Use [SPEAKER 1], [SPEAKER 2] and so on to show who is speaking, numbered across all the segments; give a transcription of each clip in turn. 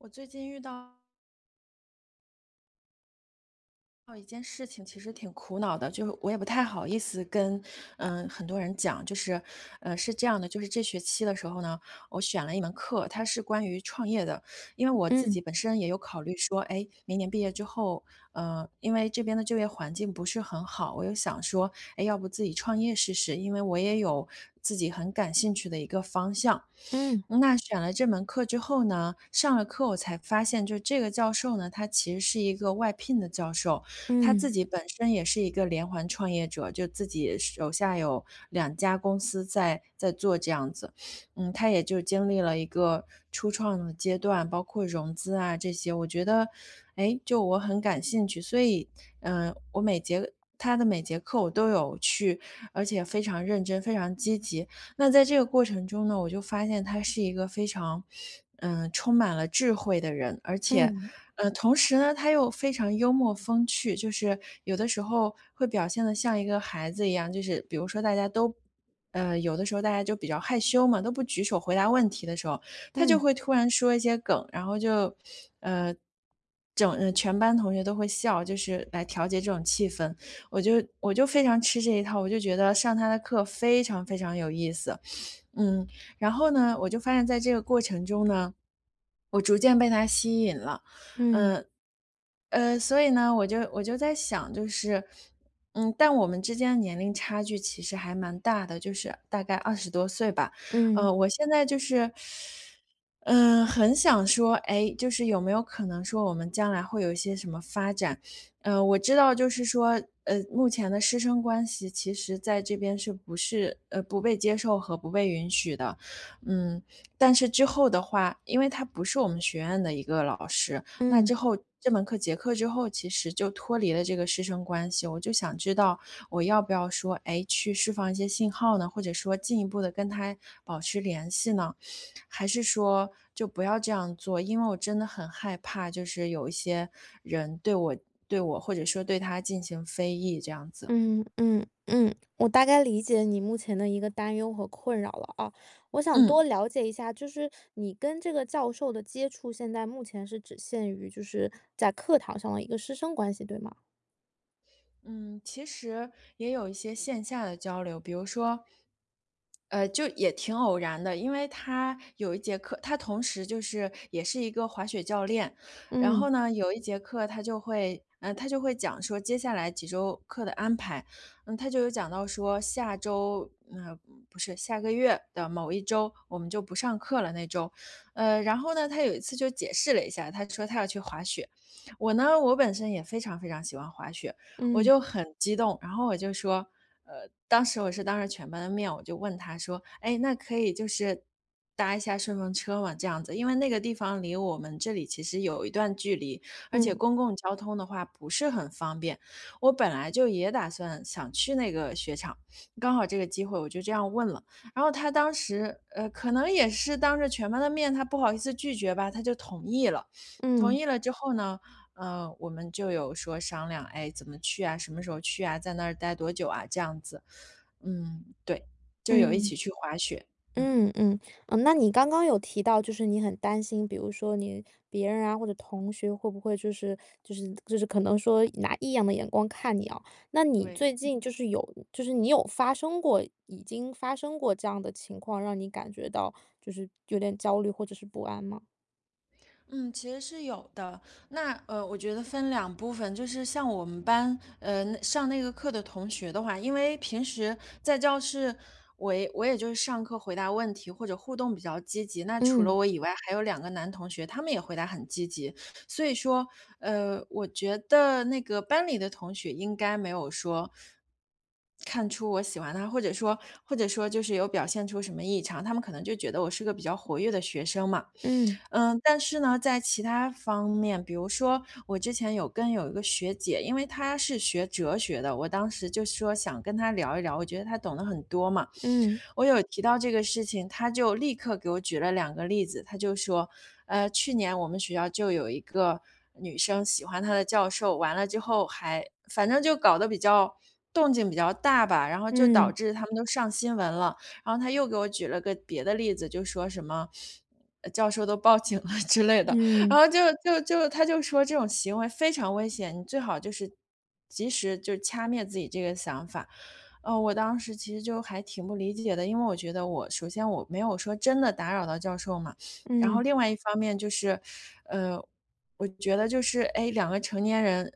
[SPEAKER 1] 我最近遇到到一件事情其实挺苦恼的，就，我也不太好意思跟，呃，很多人讲。就是，呃，是这样的，就是这学期的时候呢，我选了一门课，它是关于创业的。因为我自
[SPEAKER 2] 嗯。
[SPEAKER 1] 己本身也有考虑说，诶，明年毕业之后，呃，因为这边的就业环境不是很好。我就想说，诶，要不自己创业试试，因为我也有自己很感兴趣的一个方向。
[SPEAKER 2] 嗯。
[SPEAKER 1] 那选了这门课之后呢，上了课，我才发现，就这个教授呢，他其实是一个外聘的教授。他自
[SPEAKER 2] 嗯。
[SPEAKER 1] 己本身也是一个连环创业者，就自己手下有2家公司在在做这样子。嗯，他也就经历了一个初创的阶段，包括融资啊这些，我觉得，诶，就我很感兴趣。所以，呃，我每节他的每节课我都有去，而且非常认真，非常积极。那在这个过程中呢，我就发现他是一个非常，呃，充满了智慧的人。而且
[SPEAKER 2] 嗯。
[SPEAKER 1] 呃，同时呢，他又非常幽默风趣，就是有的时候会表现得像一个孩子一样，就是比如说大家都呃，有的时候大家就比较害羞嘛，都不举手回答问题的时候，他就
[SPEAKER 2] 嗯
[SPEAKER 1] 会突然说一些梗，然后就，呃，整呃，全班同学都会笑，就是来调节这种气氛。我就我就非常吃这一套，我就觉得上他的课非常非常有意思。嗯，然后呢，我就发现在这个过程中呢，我逐渐被他吸引了，
[SPEAKER 2] 嗯。
[SPEAKER 1] 呃呃，所以呢，我就我就在想，就是嗯，但我们之间年龄差距其实还蛮大的，就是大概20多岁吧。
[SPEAKER 2] 嗯。
[SPEAKER 1] 呃，我现在就是，呃，很想说，哎，就是有没有可能说我们将来会有一些什么发展。呃，我知道就是说，呃，目前的师生关系其实在这边是不是，呃不被接受和不被允许的。嗯，但是之后的话，因为他不是我们学院的一个老师，那
[SPEAKER 2] 嗯。
[SPEAKER 1] 之后这门课结课之后，其实就脱离了这个师生关系，我就想知道我要不要说，哎，去释放一些信号呢？或者说进一步地跟他保持联系呢？还是说就不要这样做。因为我真的很害怕，就是有一些人对我对我或者说对他进行非议，这样子。
[SPEAKER 2] 嗯，嗯，嗯，我大概理解你目前的一个担忧和困扰了啊。我想多
[SPEAKER 1] 嗯。
[SPEAKER 2] 了解一下，就是你跟这个教授的接触现在目前是只限于就是在课堂上的一个师生关系，对吗？
[SPEAKER 1] 嗯，其实也有一些线下的交流。比如说，呃，就也挺偶然的，因为他有一节课他同时就是也是一个滑雪教练，然
[SPEAKER 2] 嗯。
[SPEAKER 1] 后呢，有一节课他就会嗯，他就会讲说接下来几周课的安排，嗯，他就有讲到说下周呃，不是下个月的某一周，我们就不上课了那周。呃，然后呢，他有一次就解释了一下，他说他要去滑雪。我呢，我本身也非常非常喜欢滑雪，我
[SPEAKER 2] 嗯。
[SPEAKER 1] 就很激动，然后我就说呃，当时我是当着全班的面，我就问他说，诶，那可以就是搭一下顺风车吗这样子。因为那个地方离我们这里其实有一段距离，而且
[SPEAKER 2] 嗯。
[SPEAKER 1] 公共交通的话不是很方便，我本来就也打算想去那个雪场，刚好这个机会我就这样问了，然后他当时，呃，可能也是当着全班的面，他不好意思拒绝吧，他就同意了。同
[SPEAKER 2] 嗯。
[SPEAKER 1] 意了之后呢，呃，我们就有说商量，诶，怎么去啊，什么时候去啊，在那儿呆多久啊这样子。嗯，对，就有一
[SPEAKER 2] 嗯。
[SPEAKER 1] 起去滑雪，嗯。
[SPEAKER 2] 嗯嗯，嗯，那你刚刚有提到就是你很担心，比如说你别人啊，或者同学会不会就是就是就是可能说拿异样的眼光看你哦。那你
[SPEAKER 1] 对。
[SPEAKER 2] 最近就是有就是你有发生过已经发生过这样的情况，让你感觉到就是有点焦虑或者是不安吗？
[SPEAKER 1] 嗯，其实是有的。那，呃，我觉得分2部分，就是像我们班，呃，上那个课的同学的话，因为平时在教室，我也我也就是上课回答问题，或者互动比较积极。那除了
[SPEAKER 2] 嗯。
[SPEAKER 1] 我以外，还有2个男同学，他们也回答很积极。所以说，呃，我觉得那个班里的同学应该没有说，看出我喜欢他，或者说或者说就是有表现出什么异常，他们可能就觉得我是个比较活跃的学生嘛。
[SPEAKER 2] 嗯。
[SPEAKER 1] 呃，但是呢，在其他方面，比如说，我之前有跟有1个学姐，因为她是学哲学的，我当时就是说想跟她聊一聊，我觉得她懂的很多嘛，
[SPEAKER 2] 嗯。
[SPEAKER 1] 我有提到这个事情，她就立刻给我举了2个例子。她就说，呃，去年我们学校就有一个女生，喜欢他的教授，完了之后还反正就搞得比较动静比较大吧，然后就导
[SPEAKER 2] 嗯。
[SPEAKER 1] 致他们都上新闻了。然后她又给我举了个别的例子，就说什么，呃，教授都报警了之类的，然
[SPEAKER 2] 嗯。
[SPEAKER 1] 后就就就她就说这种行为非常危险，你最好就是，及时就掐灭自己这个想法。啊，我当时其实就还挺不理解的，因为我觉得我首先我没有说真的打扰到教授嘛，然后
[SPEAKER 2] 嗯。
[SPEAKER 1] 另外一方面就是，呃，我觉得就是，诶，2个成年人，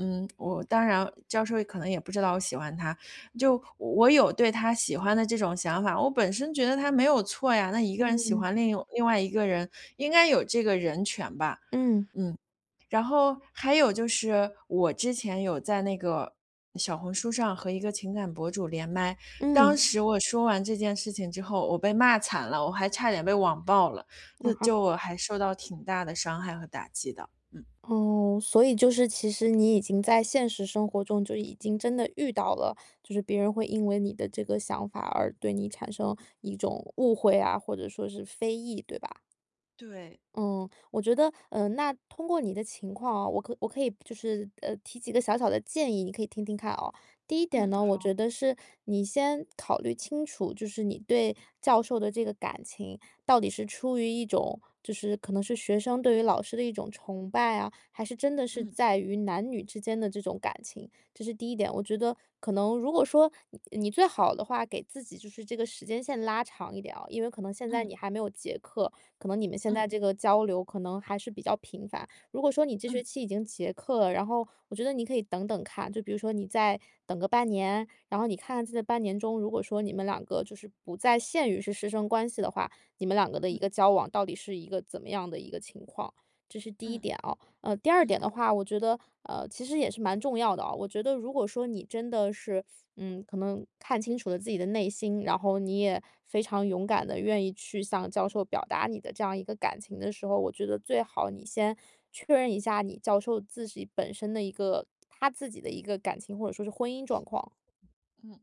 [SPEAKER 1] 嗯，我当然，教授可能也不知道我喜欢他，就我有对他喜欢的这种想法，我本身觉得它没有错呀，那一个人喜
[SPEAKER 2] 嗯。
[SPEAKER 1] 欢另一个外另外一个人，应该有这个人权吧，
[SPEAKER 2] 嗯。
[SPEAKER 1] 嗯。然后还有就是，我之前有在那个小红书上和一个情感博主连麦，
[SPEAKER 2] 嗯。
[SPEAKER 1] 当时我说完这件事情之后，我被骂惨了，我还差点被网暴了，那
[SPEAKER 2] 啊？
[SPEAKER 1] 就我还受到挺大的伤害和打击的，嗯。
[SPEAKER 2] 哦，所以就是其实你已经在现实生活中，就已经真的遇到了，就是别人会因为你的这个想法而对你产生一种误会啊，或者说是非议，对吧？
[SPEAKER 1] 对。
[SPEAKER 2] 嗯，我觉得，呃，那通过你的情况哦，我可我可以就是，呃，提几个小小的建议，你可以听听看啊。第一点
[SPEAKER 1] 嗯，
[SPEAKER 2] 呢，我觉
[SPEAKER 1] 好。
[SPEAKER 2] 得是你先考虑清楚，就是你对教授的这个感情到底是出于一种，就是可能是学生对于老师的一种崇拜啊，还是真的是
[SPEAKER 1] 嗯。
[SPEAKER 2] 在于男女之间的这种感情，这是第一点。我觉得可能，如果说你你最好的话，给自己就是这个时间线拉长一点啊，因为可能现在
[SPEAKER 1] 嗯。
[SPEAKER 2] 你还没有结课，可能你们现
[SPEAKER 1] 嗯。
[SPEAKER 2] 在这个交流可能还是比较频繁。如果说你这学
[SPEAKER 1] 嗯。
[SPEAKER 2] 期已经结课了，然后我觉得你可以等等看。就比如说你再等个半年，然后你看在这半年中，如果说你们2个就是不再限于是师生关系的话，你们2个的一
[SPEAKER 1] 嗯。
[SPEAKER 2] 个交往到底是一个怎么样的一个情况，这是第一
[SPEAKER 1] 嗯。
[SPEAKER 2] 点哦。呃，第二点
[SPEAKER 1] 嗯。
[SPEAKER 2] 的话，我觉得，呃，其实也是蛮重要的哦。我觉得如果说你真的是，嗯，可能看清楚了自己的内心，然后你也非常勇敢地愿意去向教授表达你的这样一个感情的时候，我觉得最好你先确认一下你教授自己本身的一个他自己的一个感情，或者说是婚姻状况。
[SPEAKER 1] 嗯。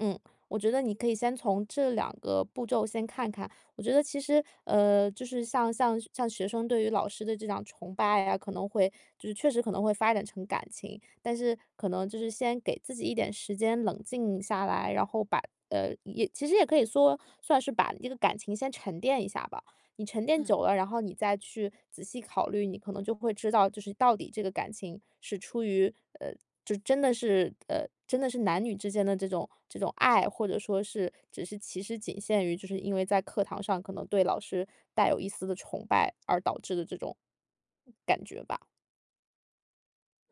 [SPEAKER 2] 嗯，我觉得你可以先从这两个步骤先看看。我觉得其实呃，就是，像像像学生对于老师的这样崇拜啊，可能会就是确实可能会发展成感情。但是，可能就是先给自己一点时间冷静下来，然后把呃，也其实也可以说，算是把这个感情先沉淀一下吧。你沉淀
[SPEAKER 1] 嗯。
[SPEAKER 2] 久了，然后你再去仔细考虑，你可能就会知道，就是到底这个感情是出于呃，就真的是呃，真的是男女之间的这种这种爱，或者说是只是其实仅限于，就是因为在课堂上，可能对老师带有一丝的崇拜，而导致的这种感觉吧。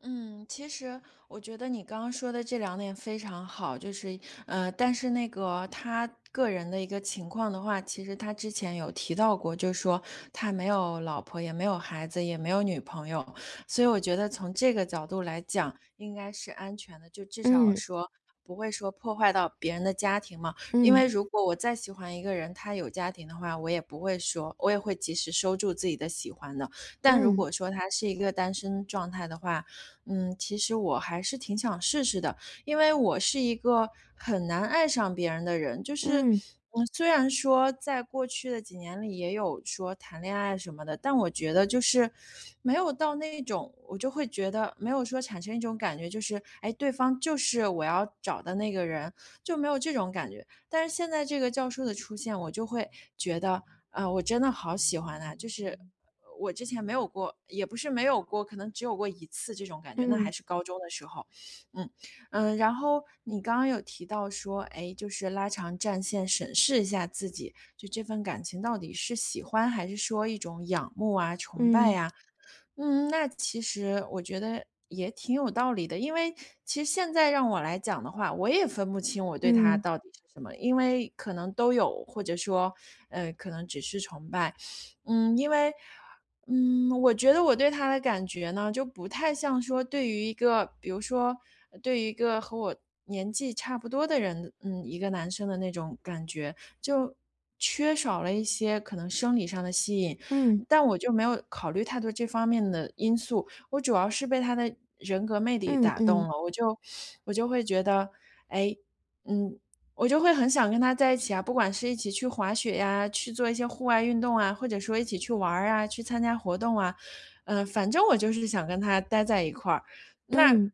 [SPEAKER 1] 嗯，其实我觉得你刚刚说的这两点非常好。就是嗯，但是那个，他个人的一个情况的话，其实他之前有提到过，就是说他没有老婆，也没有孩子，也没有女朋友，所以我觉得从这个角度来讲，应该是安全的。就至少
[SPEAKER 2] 嗯。
[SPEAKER 1] 说，不会说破坏到别人的家庭嘛。因
[SPEAKER 2] 嗯。
[SPEAKER 1] 为如果我再喜欢一个人，他有家庭的话，我也不会说我也会及时收住自己的喜欢的，但如
[SPEAKER 2] 嗯。
[SPEAKER 1] 果说他是一个单身状态的话，嗯，其实我还是挺想试试的。因为我是一个很难爱上别人的人，就是
[SPEAKER 2] 嗯。
[SPEAKER 1] 虽然说在过去的几年里，也有说谈恋爱什么的，但我觉得就是，没有到那一种，我就会觉得，没有说产生一种感觉，就是，诶，对方就是我要找的那个人，就没有这种感觉。但是现在这个教授的出现，我就会觉得，啊，我真的好喜欢啊，就是我之前没有过也不是没有过，可能只有过1次这种感觉，那
[SPEAKER 2] 嗯。
[SPEAKER 1] 还是高中的时候。嗯，呃，然后你刚刚有提到说，哎，就是”拉长战线审视一下自己，就这份感情到底是喜欢，还是说一种仰慕啊、崇拜
[SPEAKER 2] 嗯。
[SPEAKER 1] 啊。“嗯，那其实我觉得也挺有道理的，因为其实现在让我来讲的话，我也分不清我对他
[SPEAKER 2] 嗯。
[SPEAKER 1] 到底是什么。因为可能都有，或者说，呃，可能只是崇拜。嗯，因为嗯，我觉得我对他的感觉呢，就不太像说对于一个比如说对于一个和我年纪差不多的人嗯，一个男生的那种感觉，就缺少了一些可能生理上的吸引。
[SPEAKER 2] 嗯。
[SPEAKER 1] 但我就没有考虑太多这方面的因素，我主要是被他的人格魅力
[SPEAKER 2] 嗯
[SPEAKER 1] 打动
[SPEAKER 2] 嗯。
[SPEAKER 1] 了。我就我就会觉得：”哎，嗯，我就会很想跟他在一起啊，不管是一起去滑雪呀，去做一些户外运动啊，或者说一起去玩儿啊，去参加活动啊。“嗯，反正我就是想跟他呆在一块儿。那
[SPEAKER 2] 嗯。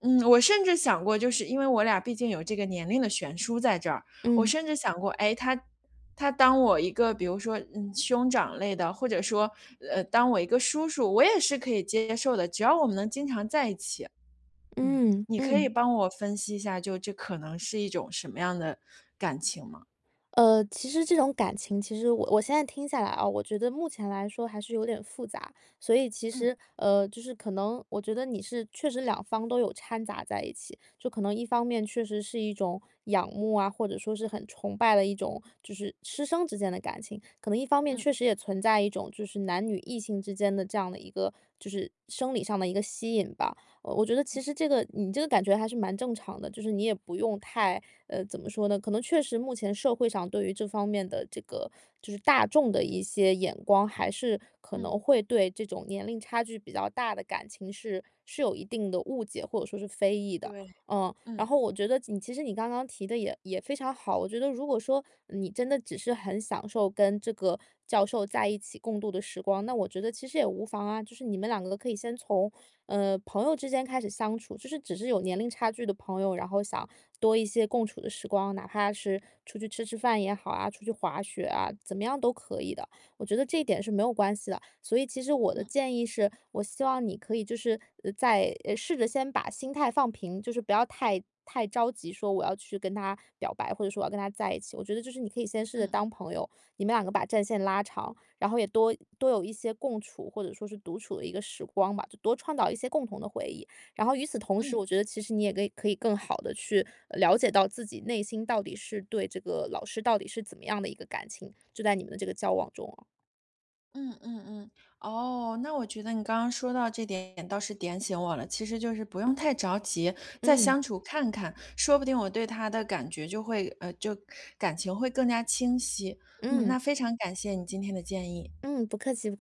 [SPEAKER 1] 嗯，我甚至想过就是因为我俩毕竟有这个年龄的悬殊在这儿，我
[SPEAKER 2] 嗯。
[SPEAKER 1] 甚至想过，诶，他他当我一个比如说，呃，兄长类的，或者说呃，当我一个叔叔，我也是可以接受的，只要我们能经常在一起。嗯。
[SPEAKER 2] 嗯
[SPEAKER 1] 你可以
[SPEAKER 2] 嗯。
[SPEAKER 1] 帮我分析一下，就这可能是一种什么样的感情吗？
[SPEAKER 2] 呃，其实这种感情，其实我我现在听下来啊，我觉得目前来说，还是有点复杂。所以其
[SPEAKER 1] 嗯。
[SPEAKER 2] 实呃，就是可能，我觉得你是确实两方都有掺杂在一起，就可能一方面确实是一种仰慕啊，或者说是很崇拜的一种，就是师生之间的感情，可能一方面，
[SPEAKER 1] 嗯。
[SPEAKER 2] 确实也存在一种，就是男女异性之间的这样的一个就是生理上的一个吸引吧。呃，我觉得其实这个你这个感觉还是蛮正常的，就是你也不用太呃，怎么说呢，可能确实目前社会上对于这方面的这个，就是大众的一些眼光，还是可
[SPEAKER 1] 嗯。
[SPEAKER 2] 能会对这种年龄差距比较大的感情，是是有一定的误解或者说是非议的。
[SPEAKER 1] 对，
[SPEAKER 2] 嗯，然
[SPEAKER 1] 嗯。
[SPEAKER 2] 后我觉得你，其实你刚刚提的，也也非常好，我觉得如果说，你真的只是很享受跟这个教授在一起共度的时光，那我觉得其实也无妨啊。就是你们两个可以先从，呃，朋友之间开始相处，就是只是有年龄差距的朋友，然后想多一些共处的时光，哪怕是出去吃吃饭也好啊，出去滑雪啊，怎么样都可以的。我觉得这一点是没有关系的。所以其实我的
[SPEAKER 1] 嗯。
[SPEAKER 2] 建议是，我希望你可以就是，呃，在试着先把心态放平，就是不要太太着急说我要去跟他表白，或者说我跟他在一起，我觉得就是你可以先试着
[SPEAKER 1] 嗯。
[SPEAKER 2] 当朋友，你们两个把战线拉长，然后也多多有一些共处，或者说是独处的一个时光吧，就多创造一些共同的回忆。然后与此同时，
[SPEAKER 1] 嗯。
[SPEAKER 2] 我觉得其实你也可以可以更好地去了，呃，解到自己内心，到底是对这个老师到底是怎么样的一个感情，就在你们的这个交往中啊。
[SPEAKER 1] 嗯嗯嗯。哦，那我觉得你刚刚说到这点倒是点醒我了，其实就是不用太着急，再
[SPEAKER 2] 嗯。
[SPEAKER 1] 相处看看，说不定我对他的感觉就会呃，就感情会更加清晰。嗯，那
[SPEAKER 2] 嗯。
[SPEAKER 1] 非常感谢你今天的建议。
[SPEAKER 2] 嗯，不客气。